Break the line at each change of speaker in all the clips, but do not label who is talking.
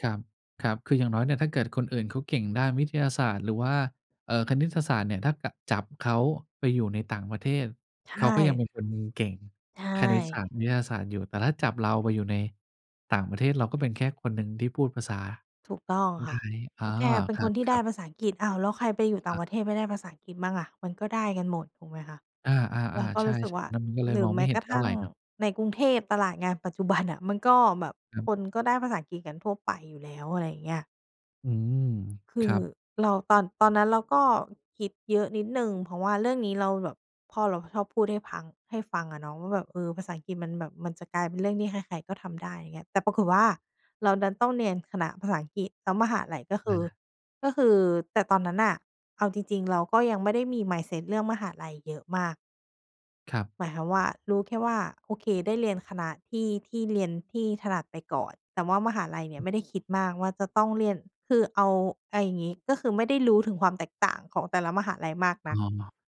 ครับ ครับ คืออย่างน้อยเนี่ยถ้าเกิดคนอื่นเขาเก่งด้านวิทยาศาสตร์หรือว่า เอ่อ คณิตศาสตร์เนี่ย ถ้า ก จับเขาไปอยู่ในต่างประเทศ
ใช
เขาก็ยังเ
่
ป็นคนเก่ง
ใช
คณิตศ
่
าสตร์ วิทยาศาสตร์อยู่ แต่ถ้าจับเราไปอยู่ในต่างประเทศ เราก็เป็นแค่คนหนึ่งที่พูดภาษา
ถูกต้องค
ได
่
้
ะ
อ๋
แล
อ
้วแกเป็น
คร
คนที่ได้
ับ ๆ
ภาษาอังกฤษ อ้าว แล้วใครไปอยู่ต่า
อ
ง
า
ประเทศไม่ได้ภาษาอังกฤษบ้างล่ะ มันก็ได้กันหมด ถูกไหมคะ
อา
เรา
ๆ
ก็
ๆ ใช
ร
่
ู้สึกว
ๆ
่
ต
า
อนนั้นก็เล
หร
ย
ื
ม
อ
อง
แ
ไ
ม
ม
้
่เห็
ก
น
ระ
เ
ท
ท่า
ั่
ไ
ง
รเนาะ
ในกรุงเทพ ตลาดงานปัจจุบันน่ะ มันก็แบบ
ครับ
คนก็ได้ภาษาอังกฤษกันทั่วไปอยู่แล้ว อะไรอย่างเงี้ย
อืม
ค
ค
ื
ร
อ
ับ
เรา ตอน ตอนนั้นเราก็คิดเยอะนิดหนึ่ง เพราะว่าเรื่องนี้เราแบบ พ่อเราชอบพูดให้พัง ให้ฟังอะเนาะว่าแบบ "เอ่อ ภาษาอังกฤษมันแบบมันจะกลายเป็นเรื่องที่ใคร ๆ ก็ทำได้" อย่างเงี้ย แต่ปรากฏว่าเราดันต้องเรียนคณะภาษาอังกฤษ แล้วมหาลัยก็ค
อ
ื
า
อ ก็คือ แต่ตอนนั้นน่ะ เอาจริง ๆ เราก็ยังไม่ได้มี mindset เรื่องมหาลัยเยอะมาก
ครับ
หมายความว่า รู้แค่ว่า โอเค ได้เรียนคณะที่ ที่เรียน ที่ถนัดไปก่อน แต่ว่ามหาลัยเนี่ยไม่ได้คิดมากว่าจะต้องเรียน คือเอา ไอ อย่างงี้ ก็คือไม่ได้รู้ถึงความแตกต่างของแต่ละมหาลัยมาก
อ
น
๋อ
ัก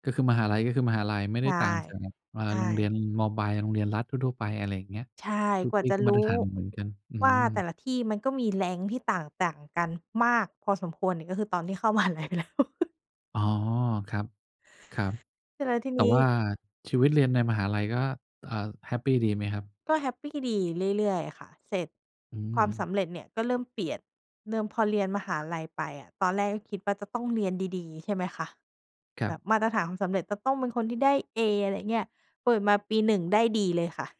ก็คือมหาลัยก็คือมหาลัย ไม่
ใ
ไ
ช
ด้
่
ต่างจาก เอ่อ
ใช
โรงเรี
่
ยน ม.ปลาย โรงเรียนรัฐทั่ว ๆ ไป อะไรอย่างเงี้ย
ใช่
ทุก
กว่
ท
า
ี่
จะ
ก็
ร
ม
ู
าตรฐ
้
านเหมือน ๆ กัน อื
ว่าแต่
ม
ละที่มันก็มี rank ที่ต่าง ต่างกันมากพอสมควรเนี่ย ก็คือตอนที่เข้า มหาลัยไปแล้ว
อ๋อ ครับ ครับ
เสร็จแล้วที
แต่
นี้
ว่าชีวิตเรียนในมหาลัยก็ เอ่อ แฮปปีดีไหมครับ?
ก็แฮปปีดี เรื่อย ๆ ค่ะ เสร็จ
อื
ความส
ม
ำเร็จเนี่ยก็เริ่มเปลี่ยน เริ่ม พอเรียนมหาลัยไปอะ ตอนแรกก็คิดว่าจะต้องเรียนดี ๆ ใช่ไหมคะ
คร
แ
ั
บ
บ
บมาตรฐานความสำเร็จจะต้องเป็นคนที่ได้ A อะไรอย่างเงี้ย เปิดมาปี 1 ได้ D เลยค่ะ